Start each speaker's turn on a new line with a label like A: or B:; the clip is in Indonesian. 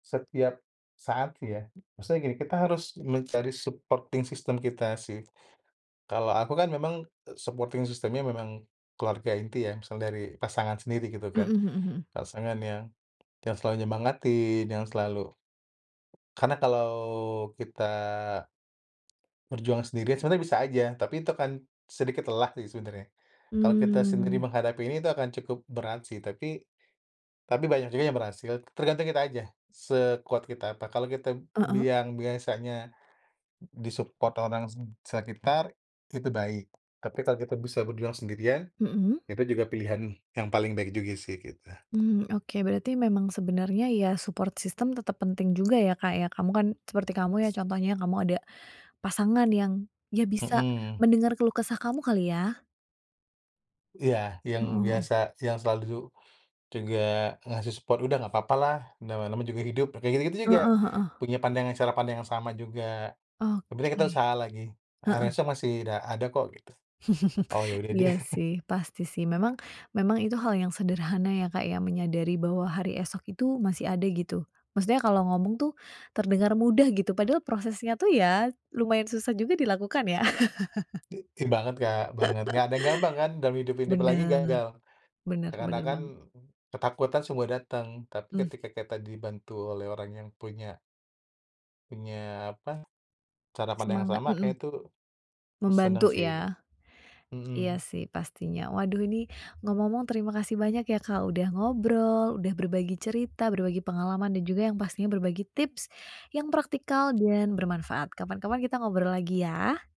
A: Setiap saat, ya? Maksudnya gini, kita harus mencari supporting system kita sih. Kalau aku kan memang supporting system-nya memang keluarga inti ya, misal dari pasangan sendiri, gitu
B: Mhm
A: kan.
B: mhm mhm.
A: Pasangan yang yang selalu menyemangatin, yang selalu karena kalau kita berjuang sendiri, sebenarnya bisa aja. Tapi itu akan sedikit lelah sih sebenarnya. Kalau kita sendiri
B: Mmm.
A: menghadapi ini, itu akan cukup berat sih. Tapi tapi banyak juga yang berhasil. Tergantung kita aja, sekuat kita apa. Kalau kita
B: Heeh.
A: biang yang biasanya di-support orang se sekitar, itu baik. Tapi kalau kita bisa berjuang sendirian,
B: Mhm.
A: itu juga pilihan yang paling baik juga sih, gitu.
B: Mmm, oke. Berarti memang sebenarnya ya, support system tetap penting juga ya, Kak, ya? Kamu kan seperti kamu ya contohnya, kamu ada pasangan yang dia bisa
A: Mhm.
B: mendengar keluh kesah kamu kali, ya.
A: Iya. Yang
B: Heeh heeh.
A: biasa yang selalu ju juga ngasih support, "Udah, nggak apa-apa lah, na namanya juga hidup." Kayak gitu-gitu juga,
B: Heeh heeh.
A: punya pandangan cara pandang yang sama juga. Yang penting kita
B: Oke.
A: usaha lagi.
B: Heeh.
A: Harusnya masih da ada kok, gitu. Oh, ya udah deh.
B: Iya, sih. Pasti, sih. Memang memang itu hal yang sederhana ya, Kak, ya, menyadari bahwa hari esok itu masih ada, gitu. Maksudnya kalau ngomong tuh terdengar mudah gitu, padahal prosesnya tuh ya lumayan susah juga dilakukan, ya?
A: I ih, banget, Kak. Banget. Nggak ada yang gampang kan dalam hidup ini, apa lagi
B: Bener.
A: gagal.
B: Bener
A: Ya,
B: bener
A: katakan
B: banget.
A: ketakutan semua datang, tapi
B: Mmm.
A: ketika kita dibantu oleh orang yang punya punya, apa, cara pandang yang
B: Semangat.
A: sama,
B: Mhm.
A: kayaknya itu seneng
B: Membantu,
A: sih git
B: ya? Iya,
A: mhm.
B: sih, pastinya. Waduh, ini ngomong-ngomong terima kasih banyak ya, Kak, udah ngobrol, udah berbagi cerita, berbagi pengalaman, dan juga yang pastinya berbagi tips yang praktikal dan bermanfaat. Kapan-kapan kita ngobrol lagi, ya!